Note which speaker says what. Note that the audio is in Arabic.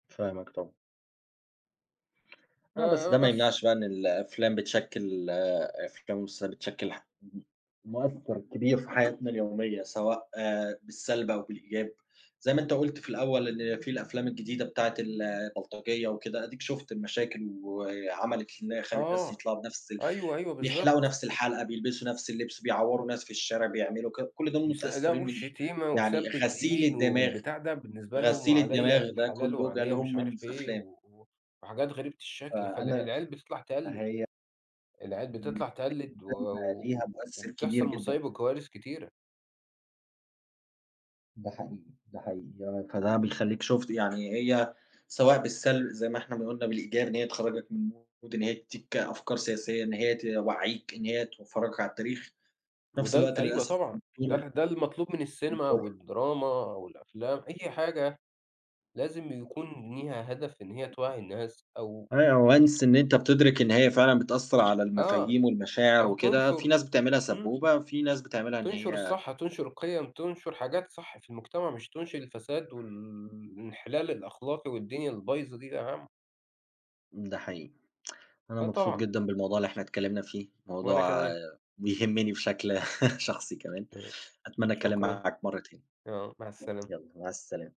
Speaker 1: فاهمك طبعًا.
Speaker 2: ف
Speaker 1: آه، بس
Speaker 2: آآ،
Speaker 1: ده ما
Speaker 2: بس.
Speaker 1: يمنعش بَقى إن الأفلام بتشكل ال أفلام والمسلسلات بتشكل ح [unintelligible] م مؤثر كبير في حياتنا اليومية سواء بالسلب أو بالإيجاب، زي ما أنت قُلت في الأول إن في الأفلام الجديدة بتاعة ال البلطجية وكده، أديك شُفت المشاكل وعَمَلِت إنها خلت ناس
Speaker 2: آه،
Speaker 1: يطلعوا بنَفْس ال
Speaker 2: أيوه، أيوه،
Speaker 1: بيحلقوا
Speaker 2: بالضبط.
Speaker 1: نَفْس الحلقة، بيلبسوا نَفْس اللبس، بيعوروا ناس في الشارع، بيعملوا ك كل ده
Speaker 2: [unintelligible]
Speaker 1: متأثرين من إيه؟
Speaker 2: والشتيمة وسب
Speaker 1: يعني غسيل
Speaker 2: الدين
Speaker 1: الدماغ،
Speaker 2: والبتاع ده بالنسبة لهم
Speaker 1: غسيل
Speaker 2: وعليَّ
Speaker 1: الدماغ ده
Speaker 2: الحلال
Speaker 1: كله جه
Speaker 2: وعليَّ مش
Speaker 1: لهم
Speaker 2: عارف
Speaker 1: من ف
Speaker 2: إيه،
Speaker 1: الأفلام.
Speaker 2: و وحاجات غريبة الشكل، فالع
Speaker 1: فأنا
Speaker 2: العيال بتطلع تقلد.
Speaker 1: فهي
Speaker 2: العيال بتطلع
Speaker 1: [unintelligible]
Speaker 2: تقلد و
Speaker 1: السنيما ليها
Speaker 2: و
Speaker 1: مؤثر كبير
Speaker 2: وبتحصل
Speaker 1: جدًا.
Speaker 2: مصايب وكوارث كتيرة.
Speaker 1: ده حقيقي، ده حقيقي. يك فده بيخليك شُفت يعني هي سواء بالسلب زي ما إحنا ما قلنا بالإيجاب إن هي تخرجك من mood، إن هي تدِّيك أفكار سياسية، إن هي توعِّيك، إن هي تفَرَجَك على التاريخ، في نَفْس
Speaker 2: وده ال
Speaker 1: الوقت
Speaker 2: أيوه
Speaker 1: للأسف
Speaker 2: طبعًا. ده
Speaker 1: بتضر
Speaker 2: ال ده المطلوب من السينما
Speaker 1: بتضر.
Speaker 2: والدراما والأفلام، أي حاجة لازم يكون ليها هدف إن هي توعِّي الناس أو
Speaker 1: أيوه،
Speaker 2: أ
Speaker 1: once إن أنت بتدرك إن هي فعلًا بتأثر على
Speaker 2: آه،
Speaker 1: المفاهيم والمشاعر
Speaker 2: أو
Speaker 1: وكده، في
Speaker 2: تنشر
Speaker 1: ناس بتعملها
Speaker 2: إمم.
Speaker 1: سبوبة، في ناس بتعملها إن
Speaker 2: تنشر
Speaker 1: هي
Speaker 2: الصح،
Speaker 1: كده.
Speaker 2: تنشر القيم، تنشر حاجات صح في المجتمع، مش تنشر الفساد وال الانحلال الأخلاقي والدنيا البايظة دي يا عم.
Speaker 1: ده حقيقي. أنا
Speaker 2: آه،
Speaker 1: مبسوط
Speaker 2: طبعًا.
Speaker 1: جدًا بالموضوع اللي إحنا اتكلمنا فيه،
Speaker 2: وأنا
Speaker 1: موضوع
Speaker 2: كمان.
Speaker 1: يهمني بشكل شخصي كمان.
Speaker 2: [unintelligible]
Speaker 1: أتمنى أتكلم
Speaker 2: شكرًا.
Speaker 1: معاك مرة تاني.
Speaker 2: آه، مع السلامة.
Speaker 1: يالّا مع السلامة.